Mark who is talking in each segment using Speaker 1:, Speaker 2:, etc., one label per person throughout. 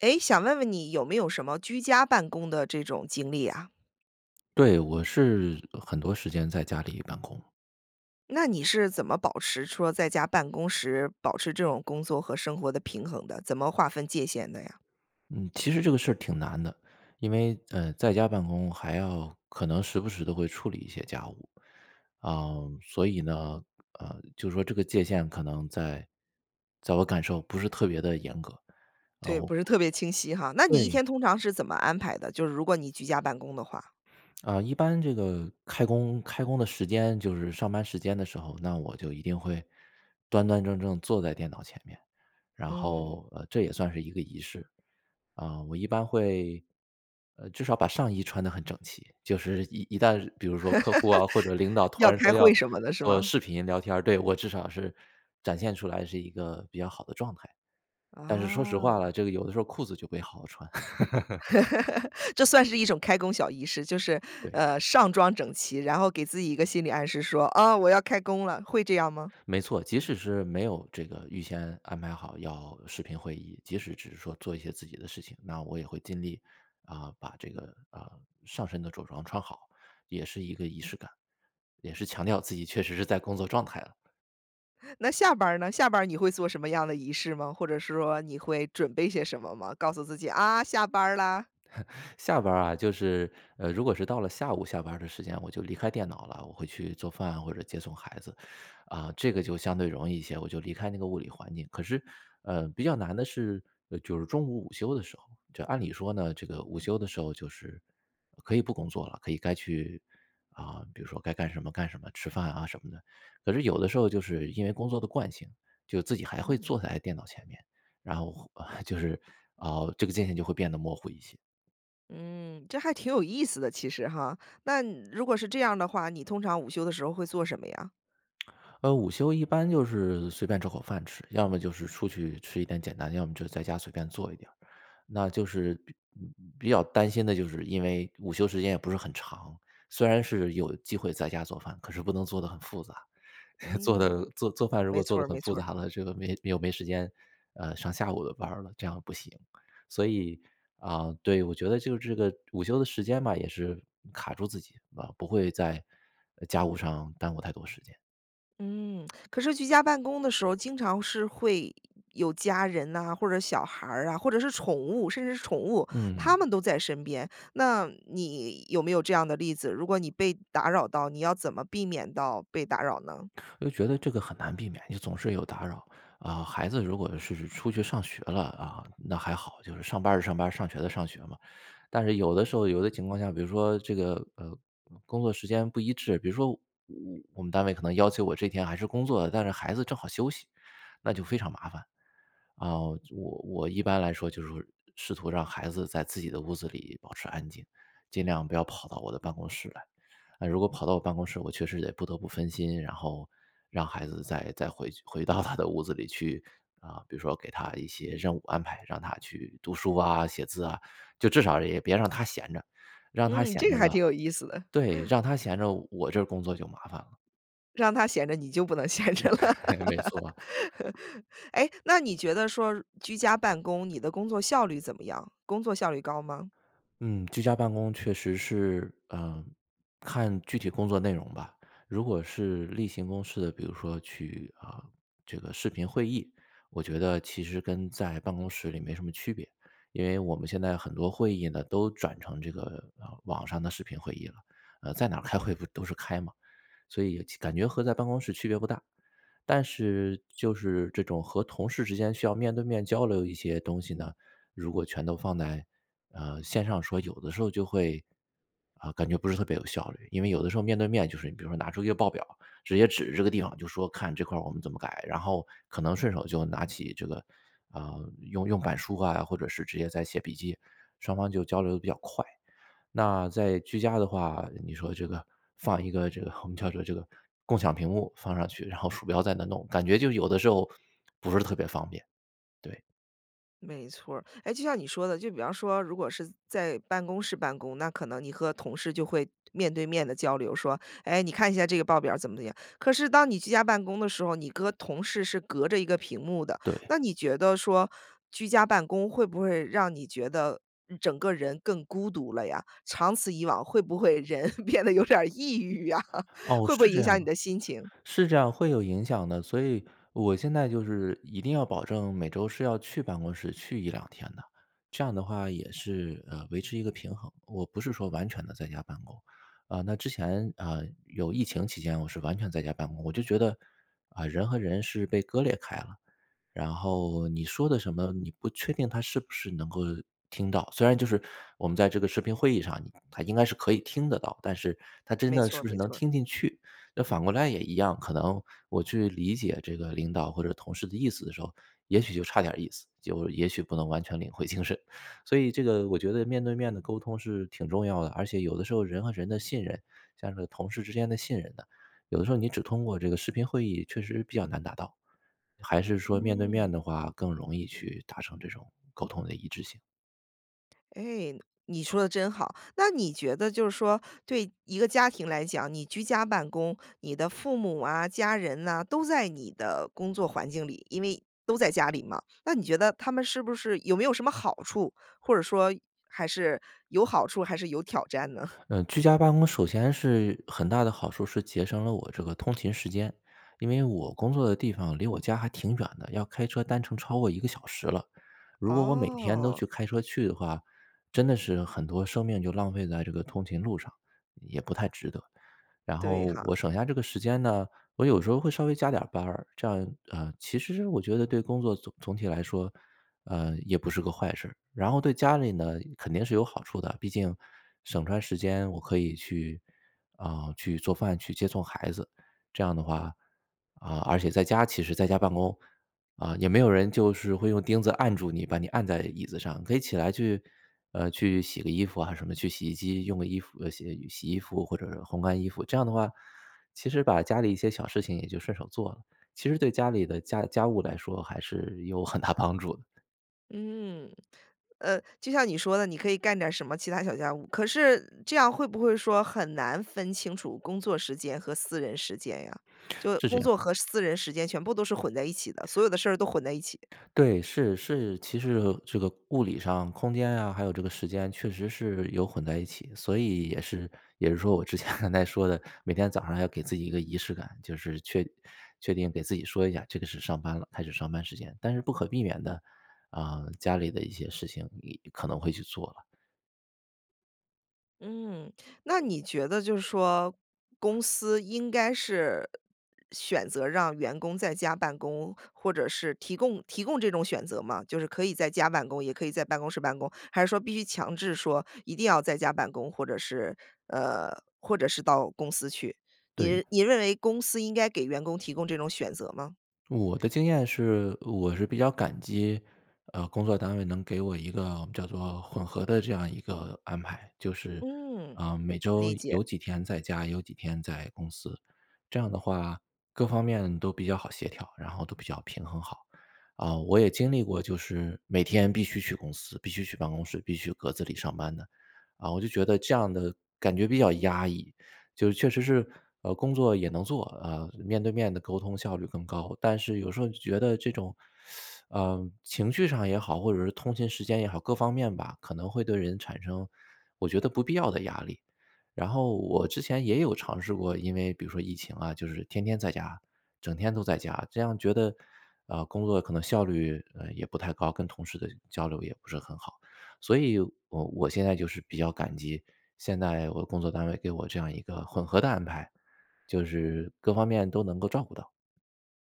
Speaker 1: 诶，想问问你有没有什么居家办公的这种经历啊？
Speaker 2: 对，我是，呃，很多时间在家里办公。
Speaker 1: 那你是怎么保持说，在家办公时保持这种工作和生活的平衡的？怎么划分界限的呀？
Speaker 2: 嗯，其实这个事儿挺难的。因为，呃，在家办公还要可能时不时地会处理一些家务。啊，所以呢，呃，就说这个界限可能在在我感受不是特别地严格。然
Speaker 1: 对，
Speaker 2: 后
Speaker 1: 不是特别清晰哈。那你一
Speaker 2: 对。
Speaker 1: 天通常是怎么安排的？就是如果你居家办公的话？
Speaker 2: 啊，一般这个开工开工的时间，就是上班时间的时候，那我就一定会端端正正坐在电脑前面，然
Speaker 1: 嗯。
Speaker 2: 后，呃，这也算是一个仪式。啊，我一般会，呃，至少把上衣穿得很整齐，就是一一旦比如说客户啊，或者领 导突
Speaker 1: 要
Speaker 2: 然
Speaker 1: 开
Speaker 2: 说要
Speaker 1: 会什么的是
Speaker 2: 做
Speaker 1: 吗？
Speaker 2: 视频聊天儿，对，我至少是展现出来是一个比较好的状态。但是说实话
Speaker 1: 啊。
Speaker 2: 啦，这个有的时候裤子就没好好穿。
Speaker 1: 这算是一种开工小仪式，就是，
Speaker 2: 对。
Speaker 1: 呃，上装整齐，然后给自己一个心理暗示说，啊，我要开工了。会这样吗？
Speaker 2: 没错，即使是没有这个预先安排好要视频会议，即使只是说做一些自己的事情，那我也会尽力，啊，把这个，啊，上身的着装穿好，也是一个仪式感，也是强调自己确实是在工作状态了。
Speaker 1: 那下班儿呢？下班儿你会做什么样的仪式吗？或者是说你会准备些什么吗？告诉自己：”啊，下班儿啦。“
Speaker 2: 下班儿啊，就是，呃，如果是到了下午下班儿的时间，我就离开电脑了，我会去做饭或者接送孩子。啊，这个就相对容易一些，我就离开那个物理环境，可是，呃，比较难的是就是中午午休的时候。就按理说呢，这个午休的时候就是可以不工作了，可以该去啊，比如说该干什么干什么，吃饭啊什么的，可是有的时候就是因为工作的惯性，就自己还会
Speaker 1: 嗯哼。
Speaker 2: 坐在电脑前面。然后 就是，啊，这个界线就会变得模糊一些。
Speaker 1: 嗯，这还挺有意思的，其实哈。那如果是这样的话，你通常午休的时候会做什么呀？
Speaker 2: 呃，午休一般就是随便找口饭吃，要么就是出去吃一点简单，要么就在家随便做一点儿。那就是比比较担心的，就是因为午休时间也不是很长，虽然是有机会在家做饭，可是不能做得很复杂，做得
Speaker 1: 嗯，
Speaker 2: 做做饭如
Speaker 1: 没
Speaker 2: 果做
Speaker 1: 错
Speaker 2: 得
Speaker 1: 儿
Speaker 2: 很
Speaker 1: 没
Speaker 2: 复
Speaker 1: 错儿。
Speaker 2: 杂了，这个没又没时间，呃，上下午的班儿了，这样不行。所以，啊，对，我觉得就是这个午休的时间吧，也是卡住自己，啊，不会在家务上耽误太多时间。
Speaker 1: 嗯，可是居家办公的时候经常是会有家人呐，或者小孩儿啊，或者是宠物甚至是宠物，他
Speaker 2: 嗯。
Speaker 1: 们都在身边。那你有没有这样的例子，如果你被打扰到，你要怎么避免到被打扰呢？
Speaker 2: 就觉得这个很难避免，你总是有打扰。啊，孩子如果是出去上学了，啊，那还好，就是上班儿的上班儿上学的上学嘛。但是有的时候、有的情况下，比如说这个，呃，工作时间不一致，比如说我我们单位可能要求我这天还是工作，但是孩子正好休息，那就非常麻烦。啊，我我一般来说就是试图让孩子在自己的屋子里保持安静，尽量不要跑到我的办公室来。那如果跑到我办公室，我确实也不得不分心，然后让孩子再再回去回到他的屋子里去。啊，比如说给他一些任务安排，让他去读书啊、写字啊，就至少也别让他闲着。让他
Speaker 1: 嗯，
Speaker 2: 闲
Speaker 1: 这个
Speaker 2: 着
Speaker 1: 还
Speaker 2: 了
Speaker 1: 挺有意思的。
Speaker 2: 对，让他闲着我这儿工作就麻烦了。
Speaker 1: 让他闲着，你就不能闲着了。
Speaker 2: 没错。
Speaker 1: 诶，那你觉得说居家办公，你的工作效率怎么样？工作效率高吗？
Speaker 2: 嗯，居家办公确实是，呃，看具体工作内容吧。如果是例行公事的，比如说去，啊，这个视频会议，我觉得其实跟在办公室里没什么区别。因为我们现在很多会议呢都转成这个，呃，网上的视频会议了，呃，在哪儿开会不都是开嘛，所以其感觉和在办公室区别不大。但是就是这种和同事之间需要面对面交流一些东西呢，如果全都放在，呃，线上说，有的时候就会，啊，感觉不是特别有效率。因为有的时候，面对面就是你比如说拿出一个报表，直接指这个地方就说看这块儿我们怎么改。然后可能顺手就拿起这个，啊用用板书啊，或者是直接在写笔记，双方就交流得比较快。那在居家的话，你说这个放一个这个我们叫做这个共享屏幕放上去，然后鼠标在那弄，感觉就有的时候不是特别方便，对。
Speaker 1: 没错儿。哎，就像你说的，就比方说如果是在办公室办公，那可能你和同事就会面对面地交流，说：”哎，你看一下这个报表儿怎么怎么样。“可是当你居家办公的时候，你和同事是隔着一个屏幕的。
Speaker 2: 对。
Speaker 1: 那你觉得说居家办公会不会让你觉得，嗯，整个人更孤独了呀？长此以往，会不会人变得有点儿抑郁啊？
Speaker 2: 哦，
Speaker 1: 会不
Speaker 2: 是
Speaker 1: 会
Speaker 2: 这
Speaker 1: 影
Speaker 2: 样
Speaker 1: 响
Speaker 2: 的，
Speaker 1: 你的心情。
Speaker 2: 是这样会有影响的。所以我现在就是一定要保证每周是要去办公室去1，2天的，这样的话也是，呃，维持一个平衡，我不是说完全地在家办公。啊，那之前，啊，有疫情期间我是完全在家办公，我就觉得，啊，人和人是被割裂开了。然后你说的什么，你不确定他是不是能够听到，虽然就是我们在这个视频会议上他应该是可以听得到，但是他真
Speaker 1: 没
Speaker 2: 的
Speaker 1: 错
Speaker 2: 是
Speaker 1: 儿
Speaker 2: 不是
Speaker 1: 没
Speaker 2: 能
Speaker 1: 错儿。
Speaker 2: 听进去。那反过来也一样，可能我去理解这个领导或者同事的意思的时候，也许就差点儿意思，就也许不能完全领会精神。所以这个我觉得面对面的沟通是挺重要的，而且有的时候人和人的信任，像是同事之间的信任感，有的时候你只通过这个视频会议确实比较难达到。还是说面对
Speaker 1: 嗯。
Speaker 2: 面的话，更容易去达成这种沟通的一致性。
Speaker 1: 哎，你说得真好。那你觉得就是说对一个家庭来讲，你居家办公，你的父母啊、家人呐，都在你的工作环境里，因为都在家里嘛。那你觉得他们是不是有没有什么好处？或者说，还是有好处还是有挑战呢？
Speaker 2: 呃，居家办公首先是，很大的好处是节省了我这个通勤时间。因为我工作的地方离我家还挺远的，要开车单程超过1个小时了。如果我每天都
Speaker 1: 哦。
Speaker 2: 去开车去的话，真的是很多生命就浪费在这个通勤路上，也不太值得。然
Speaker 1: 对
Speaker 2: 后
Speaker 1: 哈。
Speaker 2: 我省下这个时间呢，我有时候会稍微加点儿班儿。这样，啊，其实我觉得对工作总总体来说，呃，也不是个坏事儿。然后对家里呢，肯定是有好处的，毕竟，省出来时间我可以去，啊，去做饭、去接送孩子，这样的话，啊，而且在家其实在家办公，啊，也没有人就是会用钉子按住你，把你按在椅子上，可以起来去，呃，去洗个衣服啊什么去洗衣机用个衣服洗洗衣服或者是烘干衣服。这样的话，其实把家里一些小事情也就顺手做了，其实对家里的家家务来说还是有很大帮助的。
Speaker 1: 嗯，呃，就像你说的，你可以干点儿什么其他小家务，可是这样会不会说很难分清楚工作时间和私人时间呀，就
Speaker 2: 是这
Speaker 1: 工
Speaker 2: 样。
Speaker 1: 作和私人时间全部都是混在一起的，所有的事儿都混在一起。
Speaker 2: 对，是，是，其实这个物理上、空间呀，还有这个时间确实是有混在一起，所以也是也是说我之前刚才说的，每天早上还要给自己一个仪式感，就是确确定给自己说一下，这个是上班了，开始上班时间，但是不可避免的，啊，家里的一些事情你可能会去做了。
Speaker 1: 嗯，那你觉得就是说公司应该是选择让员工在家办公，或者是提供提供这种选择吗？就是可以在家办公，也可以在办公室办公，还是说必须强制说一定要在家办公，或者是呃，或者是到公司去，
Speaker 2: 对。
Speaker 1: 你你认为公司应该给员工提供这种选择吗？
Speaker 2: 我的经验是我是比较感激，呃，工作单位能给我一个叫做混合的这样一个安排，就是，
Speaker 1: 嗯，
Speaker 2: 啊，每周
Speaker 1: 理解。
Speaker 2: 有几天在家，有几天在公司，这样的话各方面都比较好协调，然后都比较平衡好。啊，我也经历过，就是每天必须去公司，必须去办公室，必须格子里上班的，啊，我就觉得这样的感觉比较压抑。就是确实是，呃，工作也能做，啊，面对面地沟通效率更高，但是有时候觉得这种 呃，情绪上也好，或者是通勤时间也好，各方面吧，可能会对人产生我觉得不必要的压力。然后我之前也有尝试过，因为比如说疫情啊，就是天天在家，整天都在家，这样觉得啊，工作可能效率，呃，也不太高，跟同事的交流也不是很好，所以我我现在就是比较感激，现在我工作单位给我这样一个混合的安排，就是各方面都能够照顾到。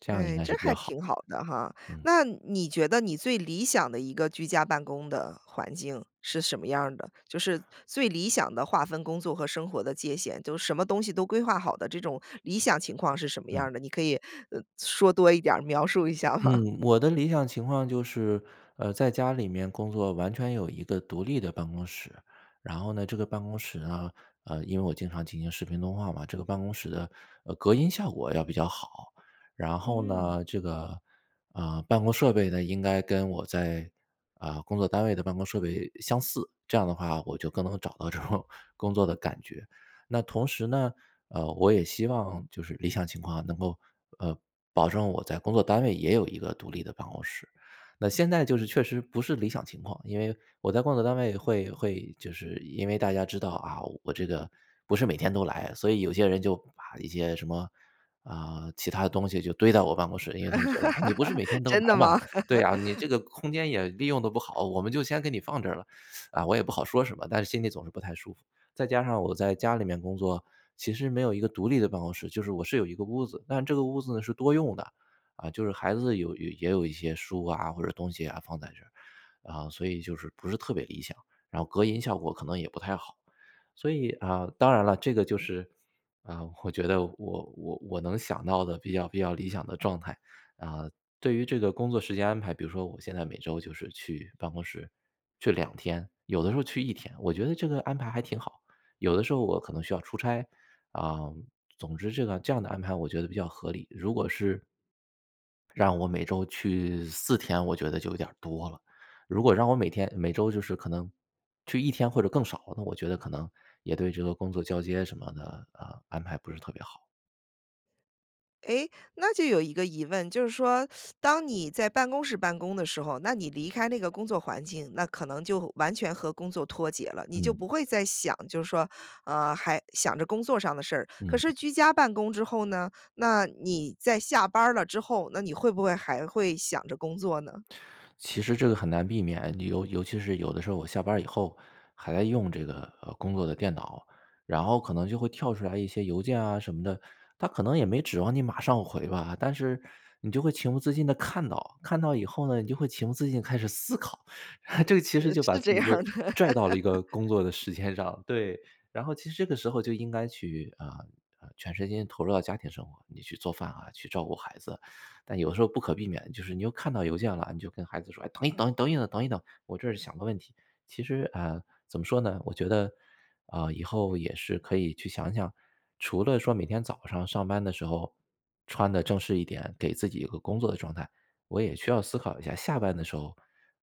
Speaker 2: 这样应
Speaker 1: 哎，
Speaker 2: 该
Speaker 1: 这
Speaker 2: 是比较
Speaker 1: 还
Speaker 2: 好
Speaker 1: 挺好的哈，
Speaker 2: 的。嗯。
Speaker 1: 那你觉得你最理想的一个居家办公的环境是什么样儿的？就是最理想的划分工作和生活的界限，就是什么东西都规划好的，这种理想情况是什么样
Speaker 2: 嗯。
Speaker 1: 儿的，你可以说多一点儿，描述一下吗？
Speaker 2: 嗯，我的理想情况就是，呃，在家里面工作完全有一个独立的办公室，然后呢，这个办公室呢，呃，因为我经常进行视频通话嘛，这个办公室的，呃，隔音效果要比较好。然后
Speaker 1: 嗯。
Speaker 2: 呢，这个，啊，办公设备呢，应该跟我在啊，工作单位的办公设备相似，这样的话我就更能找到这种工作的感觉。那同时呢，呃，我也希望就是理想情况能够，呃，保证我在工作单位也有一个独立的办公室。那现在就是确实不是理想情况，因为我在工作单位会会就是因为大家知道啊，我这个不是每天都来，所以有些人就把一些什么，啊，其它的东西就堆到我办公室，因为他们觉得：”哎，你不是每天 都来
Speaker 1: 真的
Speaker 2: 嘛，
Speaker 1: 吗？
Speaker 2: 对啊，你 这个空间也利用得不好，我们就先给你放这儿了。“啊，我也不好说什么，但是心里总是不太舒服。再加上我在家里面工作，其实没有一个独立的办公室，就是我是有一个屋子，但这个屋子呢是多用的，啊，就是孩子有有也有一些书啊或者东西啊放在这，啊，所以就是不是特别理想，然后隔音效果可能也不太好。所以啊，当然了，这个就是，啊，我觉得我我我能想到的比较比较理想的状态，啊，对于这个工作时间安排，比如说我现在每周就是去办公室，去2天，有的时候去1天，我觉得这个安排还挺好。有的时候我可能需要出差，啊，总之这个这样的安排我觉得比较合理。如果是让我每周去4天，我觉得就有点儿多了，如果让我每天每周就是可能去1天或者更少，那我觉得可能也对这个工作交接什么的，啊，安排不是特别好。
Speaker 1: 诶，那就有一个疑问，就是说 当你在办公室办公的时候，那你离开那个工作环境，那可能就完全和工作脱节了，你就
Speaker 2: 嗯。
Speaker 1: 不会再想，就是说，呃，还想着工作上的事儿。可
Speaker 2: 嗯。
Speaker 1: 是居家办公之后呢？那你在下班儿了之后，那你会不会还会想着工作呢？
Speaker 2: 其实这个很难避免，你尤尤其是有的时候我下班儿以后，还在用这个，呃，工作的电脑，然后可能就会跳出来一些邮件啊什么的，他可能也没指望你马上回吧，但是你就会情不自禁地看到，看到以后呢，你就会情不自禁开始思考。
Speaker 1: 呃，
Speaker 2: 这个其
Speaker 1: 呃，
Speaker 2: 实就把
Speaker 1: 是
Speaker 2: 自
Speaker 1: 这
Speaker 2: 己
Speaker 1: 样
Speaker 2: 就
Speaker 1: 儿的。
Speaker 2: 拽到了一 个工作的时间上，对。然后其实这个时候就应该去，啊，呃，全身心投入到家庭生活，你去做饭啊，去照顾孩子。但有的时候不可避免，就是你又看到邮件了，你就跟孩子说：“哎，等一等，等一等，等一等，我这儿想个问题。”其实，啊，怎么说呢，我觉得，啊，以后也是可以去想想，除了说每天早上上班的时候穿得正式一点，给自己一个工作的状态，我也需要思考一下，下班的时候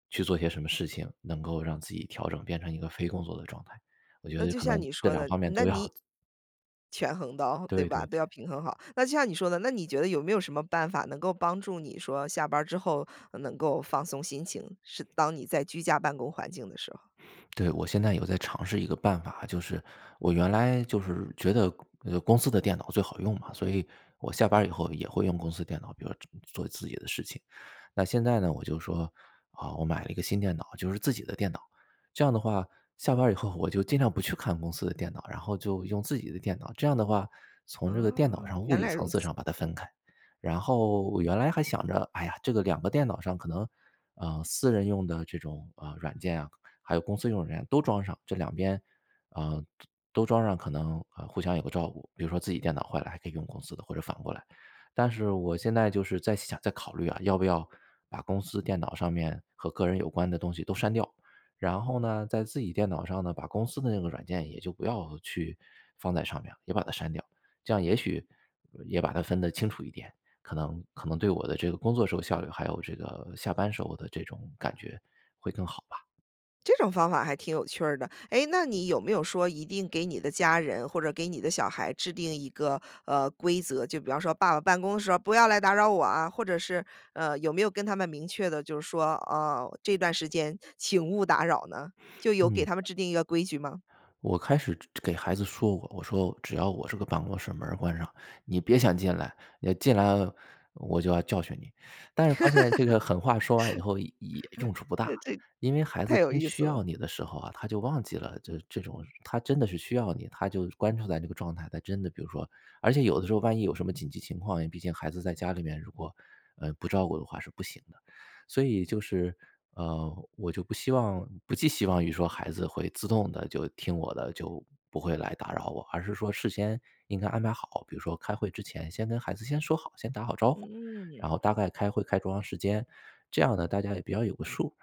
Speaker 2: 去做些什么事情，能够让自己调整变成一个非工作的状态，我觉
Speaker 1: 那
Speaker 2: 得
Speaker 1: 就
Speaker 2: 可
Speaker 1: 像
Speaker 2: 能
Speaker 1: 你
Speaker 2: 这
Speaker 1: 说
Speaker 2: 2
Speaker 1: 的，
Speaker 2: 方面
Speaker 1: 那
Speaker 2: 都
Speaker 1: 你
Speaker 2: 要。
Speaker 1: 权衡到对
Speaker 2: 对
Speaker 1: 吧？
Speaker 2: 对对。
Speaker 1: 都要平衡好。那就像你说的，那你觉得有没有什么办法，能够帮助你说下班儿之后，呃，能够放松心情，是当你在居家办公环境的时候？
Speaker 2: 对，我现在有在尝试一个办法，就是我原来就是觉得，呃，公司的电脑最好用嘛，所以我下班儿以后也会用公司电脑，比如做做自己的事情。那现在呢，我就说，啊，我买了一个新电脑，就是自己的电脑，这样的话，下班儿以后我就尽量不去看公司的电脑，然后就用自己的电脑。这样的话，从这个电
Speaker 1: 啊，
Speaker 2: 脑上物
Speaker 1: 原
Speaker 2: 理
Speaker 1: 来如
Speaker 2: 层次
Speaker 1: 此。
Speaker 2: 上把它分开。然后我原来还想着，哎呀，这个2个电脑上可能，呃，私人用的这种啊软件啊，还有公司用的软件都装上，这2边，啊，就都装上可能，呃，互相有个照顾，比如说自己电脑坏了，还可以用公司的，或者反过来。但是我现在就是在想在考虑啊，要不要把公司电脑上面和个人有关的东西都删掉，然后呢，在自己电脑上呢，把公司的那个软件也就不要去放在上面，也把它删掉。这样也许也把它分得清楚一点，可能可能对我的这个工作时候效率，还有这个下班时候的这种感觉会更好吧。
Speaker 1: 这种方法还挺有趣儿的。哎，那你有没有说一定给你的家人或者给你的小孩制定一个，呃，规则，就比方说”爸爸办公地时候不要来打扰我啊！“或者是，呃，有没有跟他们明确地就是说，呃，”这段时间请勿打扰“呢？就有给
Speaker 2: 嗯。
Speaker 1: 他们制定一个规矩吗？
Speaker 2: 我开始给孩子说过，我说只要我这个办公室门儿关上，你别想进来，要进来了，我就要教训你。但是发现这个狠话说完以后也也用处不大。
Speaker 1: 这
Speaker 2: 因为孩
Speaker 1: 太
Speaker 2: 子
Speaker 1: 有
Speaker 2: 真
Speaker 1: 意思
Speaker 2: 需
Speaker 1: 了。
Speaker 2: 要你的时候啊，他就忘记了这这种，他真的是需要你，他就关注在这个状态，他真的比如说而且有的时候万一有什么紧急情况，毕竟孩子在家里面如果，呃，不照顾的话是不行的。所以就是，呃，我就不希望不寄希望于说孩子会自动地就听我的，就不会来打扰我。而是说事先应该安排好，比如说开会之前先跟孩子先说好，先打好招呼，
Speaker 1: 嗯。
Speaker 2: 然后大概开会开多长时间，这样呢，大家也比较有个数，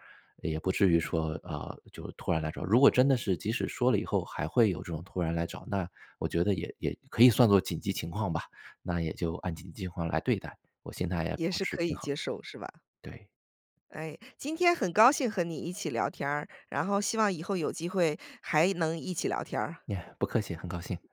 Speaker 2: 也不至于说，呃，就突然来找。如果真的是即使说了以后还会有这种突然来找，那我觉得也也可以算作紧急情况吧，那也就按紧急情况来对待，我现在也
Speaker 1: 也
Speaker 2: 保
Speaker 1: 是
Speaker 2: 持
Speaker 1: 可以
Speaker 2: 平衡。
Speaker 1: 接受是吧？
Speaker 2: 对。
Speaker 1: 哎，今天很高兴和你一起聊天儿，然后希望以后有机会还能一起聊天儿。
Speaker 2: 呀，不客气，很高兴。